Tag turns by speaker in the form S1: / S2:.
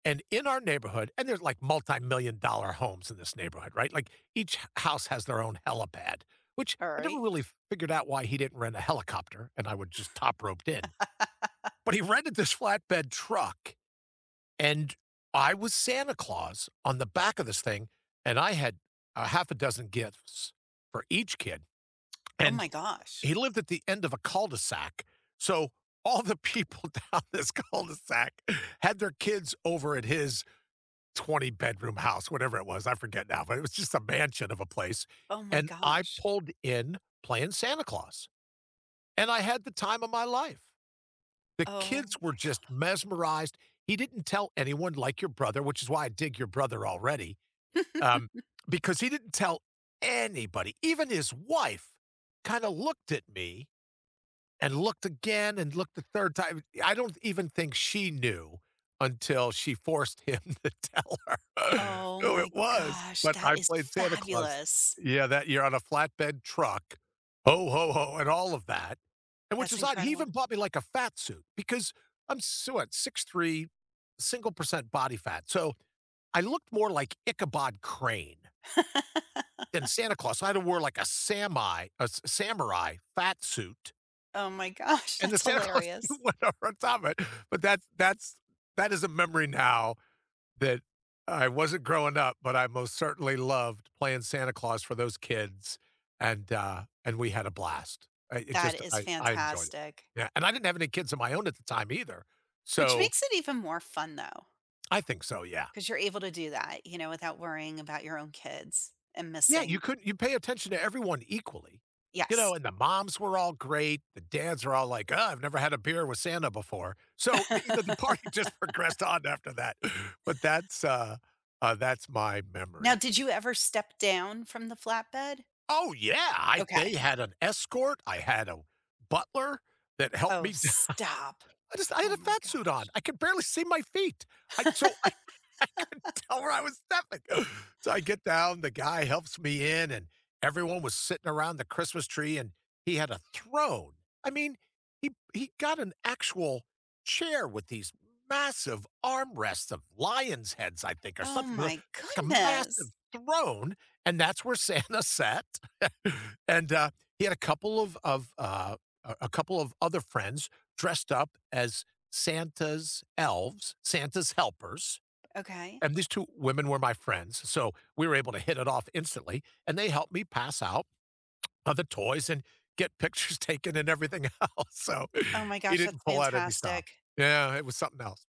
S1: And in our neighborhood and there's like multi-million dollar homes in this neighborhood, right, like, each h house has their own helipad, which
S2: All
S1: I never
S2: right.
S1: really figured out why he didn't rent a helicopter, and I would just top roped in, but he rented this flatbed truck and I was Santa Claus on the back of this thing, and I had a half a dozen gifts for each kid,
S2: Oh
S1: and
S2: my gosh.
S1: he lived at the end of a cul-de-sac. So, all the people down this cul-de-sac had their kids over at his twenty-bedroom house- whatever it was, I forget now, but it was just a mansion of a place-
S2: Oh my
S1: and I
S2: gosh.
S1: pulled in playing Santa Claus and I had the time of my life. The
S2: Oh
S1: kids
S2: my
S1: were just
S2: god.
S1: mesmerized. He didn't tell anyone like your brother, which is why I dig your brother already, um, because he didn't tell anybody, even his wife kinda looked at me and looked again and looked the 3rd time I don't even think she knew until she forced him to tell her.
S2: Oh
S1: Oh, it
S2: my
S1: was,
S2: gosh,
S1: but
S2: that
S1: I
S2: is
S1: played Santa Claus
S2: fabulous!
S1: Yeah, that you're on a flatbed truck, "Ho! Ho! Ho!" and all of that, and which
S2: That's
S1: is odd, he
S2: incredible.
S1: even bought me like a fat suit because I'm s what 6'3 single percent body fat. So, I looked more like Ichabod Crane than Santa Claus, so I had to wore like a samai a s samurai fat suit
S2: Oh my gosh,
S1: and the
S2: that's
S1: Santa Claus
S2: hilarious.
S1: suit went over on top of it. But that's that's that is a memory now that I wasn't growing up, but I most certainly loved playing Santa Claus for those kids, and, uh, and we had a blast. Uh, it
S2: That
S1: just
S2: is
S1: I I enjoyed it.
S2: fantastic.
S1: Yeah, and I didn't have any kids of my own at the time either,
S2: Which
S1: so
S2: makes it even more fun though.
S1: I think so, yeah.
S2: 'Cause you're able to do that, you know, without worrying about your own kids and
S1: Yeah, you
S2: missing
S1: couldn't you pay attention to everyone equally. You
S2: Yes.
S1: know, and the moms were all great, the dads are all like, "Oh, I've never had a beer with Santa before." So, the, you know, the party just progressed on after that, but that's, uh uh, that's my
S2: Now,
S1: memory.
S2: did you ever step down from the flatbed?
S1: Oh yeah! I
S2: Okay.
S1: they had an escort, I had a butler that helped
S2: Oh,
S1: me down
S2: stop!
S1: I just I had
S2: Oh
S1: a
S2: my
S1: fat suit on,
S2: gosh.
S1: I could barely see my feet. I so I I couldn't tell where I was stepping, so I get down, the guy helps me in, and everyone was sitting around the Christmas tree, and he had a throne. I mean, he he got an actual chair with these massive armrests of lions' heads, I think, or
S2: Oh
S1: something l
S2: my
S1: it's like a massive
S2: goodness.
S1: throne, and that's where Santa sat, and, uh, he had a couple of of, uh, a a couple of other friends dressed up as Santa's elves, Santa's helpers,
S2: Okay.
S1: and these 2 women were my friends, so we were able to hit it off instantly, and they helped me pass out of the toys and get pictures taken and everything else, so
S2: Oh my
S1: he
S2: gosh,
S1: didn't
S2: that's
S1: pull out any stops.
S2: fantastic.
S1: Yeah, it was something else.